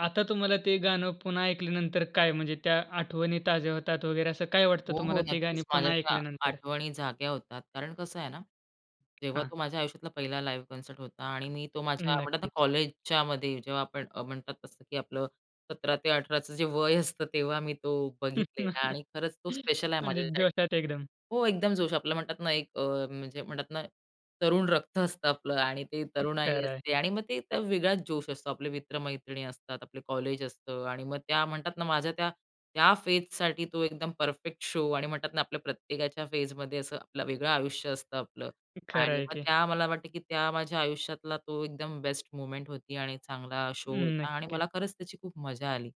आता तुम्हाला ते गाणं पुन्हा ऐकल्यानंतर काय म्हणजे त्या आठवणी ताज्या होतात वगैरे, असं काय वाटतं हो, तुम्हाला हो. ते गाणी नक्कीच. माझ्या पुन्हा त्या ऐकल्यानंतर? आठवणी जाग्या होतात, कारण कसं आहे ना, जेव्हा हां. तो माझ्या आयुष्यातला पहिला लाईव्ह कॉन्सर्ट होता. आणि मी तो माझ्या म्हणतात ना नक्कीच. कॉलेजच्यामध्ये जेव्हा आपण अ, म्हणतात तसं की आपलं 17 ते 18चं जे वय असतं, तेव्हा मी तो बघितलेला आणि खरंच तो स्पेशल आहे म्हणजे माझ्यासाठी जोशात एकदम. हो, एकदम जोश आपलं म्हणतात ना एक अ, म्हणजे म्हणतात ना तरुण रक्त असतं आपलं आणि ते हं. तरुणाई खरं आहे. असते आणि मग ते वेगळाच जोश असतो. आपले मित्रमैत्रिणी असतात. आपलं कॉलेज असतं. आणि मग त्या म्हणतात ना माझ्या त्या, त्या फेजसाठी तो एकदम परफेक्ट शो आणि म्हणतात ना आपल्या प्रत्येकाच्या फेजमध्ये असं आपलं वेगळं आयुष्य असतं आपलं. हं. खरं आणि आहे मग की. त्या मला वाटतं की त्या माझ्या आयुष्यातला तो एकदम बेस्ट मोमेंट होती आणि चांगला अ, शो होता आणि नक्कीच. मला खरंच त्याची खूप मजा आली.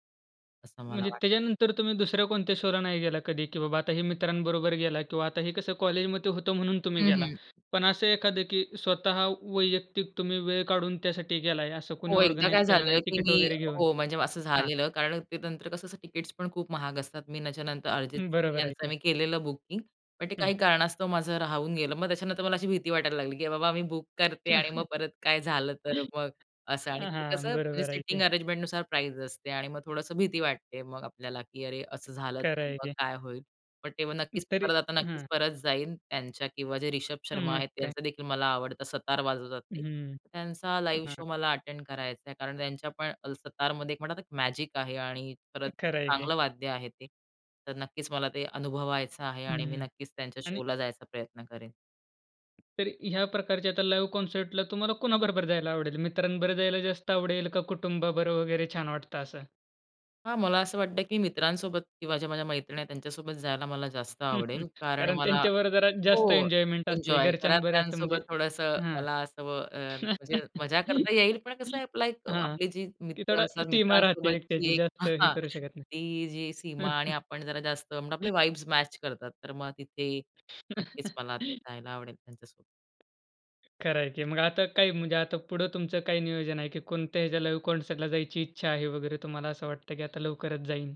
असं मला म्हणजे वाटतं. त्याच्यानंतर तुम्ही दुसऱ्या कोणत्या शोला नाही गेलात कधी, की बाबा आता हे मित्रांबरोबर गेला किंवा आता हे कसं कॉलेजमध्ये होतं म्हणून तुम्ही हं, गेलात. हं. पण असं एखाद की स्वतः वैयक्तिक तुम्ही वेळ काढून त्यासाठी गेला आहे असं कुणी हो, एकदा ऑर्गनाइज काय केलं नाही झालं की टिकीट मी वगैरे घेऊन हो, म्हणजे असं हां. झालेलं कारण ते नंतर कसं असं तिकीट्स पण खूप महाग असतात. मी त्याच्यानंतर अर्जित सिंग बरोबर आहे यांचं की. मी केलेलं बुकिंग. पण ते हं. काही कारणास्तव माझं राहून गेलं. मग त्याच्यानंतर मला अशी भीती वाटायला लागली की बाबा मी बुक करते आणि मग परत काय झालं तर मग असं. आणि अ, ते कसं हां म्हणजे बरोबर आहे ते. सिटींग अरेंजमेंटनुसार प्राईस असते आणि मग थोडंस भीती वाटते मग आपल्याला की अरे, असं झालं खरं तर आहे मग की. काय होईल? पण तेव्हा अं, नक्कीच तरी परत आता नक्कीच हं. परत जाईल त्यांच्या किंवा जे रिषभ अ, शर्मा मग आहेत. काय? त्यांचादेखील मला आवडतं. सतार वाजवतात ते. हम्म. त्यांचा लाईव्ह हां. शो मला अटेंड करायचाय कारण त्यांच्यापण सतारमध्ये मॅजिक आहे. आणि परत खरं आहे की. चांगलं वाद्य आहे ते. तर नक्कीच मला ते अनुभवायचं आहे. आणि मी हम्म. नक्कीच त्यांच्या आणि शोला जायचा प्रयत्न करेन. तरी ह्या प्रकारच्या आता लाईव्ह कॉन्सर्टला तुम्हाला कोणाबरोबर जायला आवडेल मित्रांबरोबर जायला जास्त आवडेल का कुटुंबाबरोबर वगैरे छान वाटतं असं? हां, मला असं वाटतं की मित्रांसोबत किंवा ज्या माझ्या मैत्रिणी आहेत त्यांच्यासोबत जायला मला जास्त आवडेल. कारण कारण मला त्यांच्यावर जरा जास्त हो. एन्जॉयमेंट असते. एन्जॉय घरच्यान बरे असतं म्हणजे घरातल्यांसोबत थोडंसं हां. मला असं अ, म्हणजे मजा करता येईल. पण कसं आहे आपला एक हां, आपली जी की मित्र थोडा असतात. सीमा राहते मित्रांसोबतची एकट्याची एक अ, जास्त हे हां करू शकत ती जी नाही. सीमा आणि आपण जरा जास्त मग आपले [unintelligible] वाइब्स मॅच करतात. तर मग तिथे नक्कीच मला जायला आवडेल त्यांच्यासोबत. खरं आहे की मग आता काही म्हणजे आता पुढं तुमचं काही नियोजन आहे की कोणत्या ह्याच्या लाईव्ह कॉन्सर्टला जायची इच्छा आहे वगैरे तुम्हाला असं वाटतं की आता लवकरच जाईन?